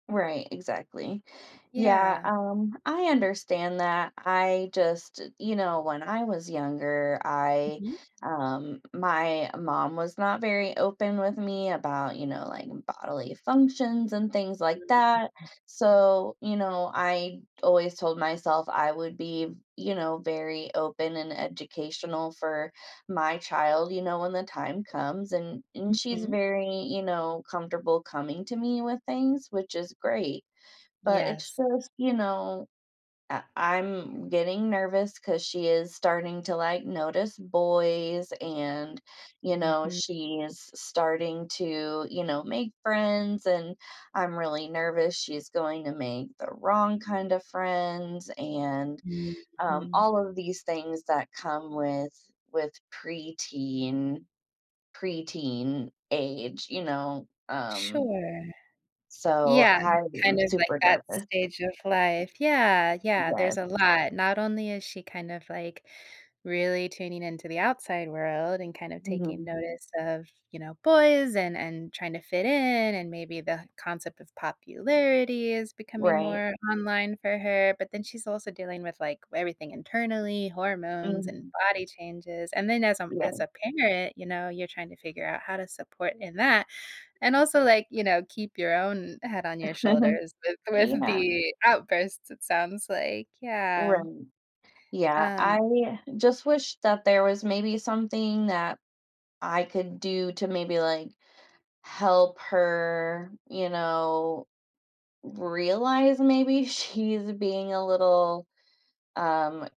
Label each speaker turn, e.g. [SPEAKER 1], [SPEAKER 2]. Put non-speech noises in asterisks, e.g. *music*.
[SPEAKER 1] Right, exactly. Yeah,
[SPEAKER 2] Yeah.
[SPEAKER 1] um, I understand that. I just you know, when I was younger, I,
[SPEAKER 2] Mhm.
[SPEAKER 1] um my mom was not very open with me about, you know, like, bodily functions and things like that.
[SPEAKER 2] *unintelligible*
[SPEAKER 1] So, you know, I always told myself I would be, you know, very open and educational for my child, you know, when the time comes and and she's
[SPEAKER 2] Mhm.
[SPEAKER 1] very, you know, comfortable coming to me with things, which is great. But it's
[SPEAKER 2] Yes.
[SPEAKER 1] just, you know, I I'm getting nervous 'cause she is starting to, like, notice boys and, you know,
[SPEAKER 2] Mhm.
[SPEAKER 1] she’s s starting to, you know, make friends and I'm really nervous she's going to make the wrong kinda friends and, um,
[SPEAKER 2] Mhm.
[SPEAKER 1] all of these things that come with with preteen preteen age, you know, um
[SPEAKER 2] Sure.
[SPEAKER 1] So,
[SPEAKER 2] Yeah,
[SPEAKER 1] I
[SPEAKER 2] kind
[SPEAKER 1] am
[SPEAKER 2] of like
[SPEAKER 1] super
[SPEAKER 2] that
[SPEAKER 1] nervous.
[SPEAKER 2] stage of life. Yeah, yeah, there's
[SPEAKER 1] Yes.
[SPEAKER 2] a lot. Not only is she kind of, like, really tuning into the outside world and kind of taking
[SPEAKER 1] Mhm.
[SPEAKER 2] notice of, you know, boys and and trying to fit in, and maybe the concept of popularity is becoming
[SPEAKER 1] Right.
[SPEAKER 2] more online for her, but then she's also dealing with, like, everything internally, hormones and
[SPEAKER 1] Mhm.
[SPEAKER 2] body changes. And then as, um, as
[SPEAKER 1] Yeah.
[SPEAKER 2] a parent, you know, you're trying to figure out how to support in that. And also, like, you know, keep your own head on your
[SPEAKER 1] *chuckles*
[SPEAKER 2] shoulders with with
[SPEAKER 1] Yeah.
[SPEAKER 2] the outbursts, it sounds like. Yeah.
[SPEAKER 1] Right, yeah,
[SPEAKER 2] Um
[SPEAKER 1] I just wish that there was maybe something that I could do to maybe, like, help her, you know, realize maybe she's being a little, um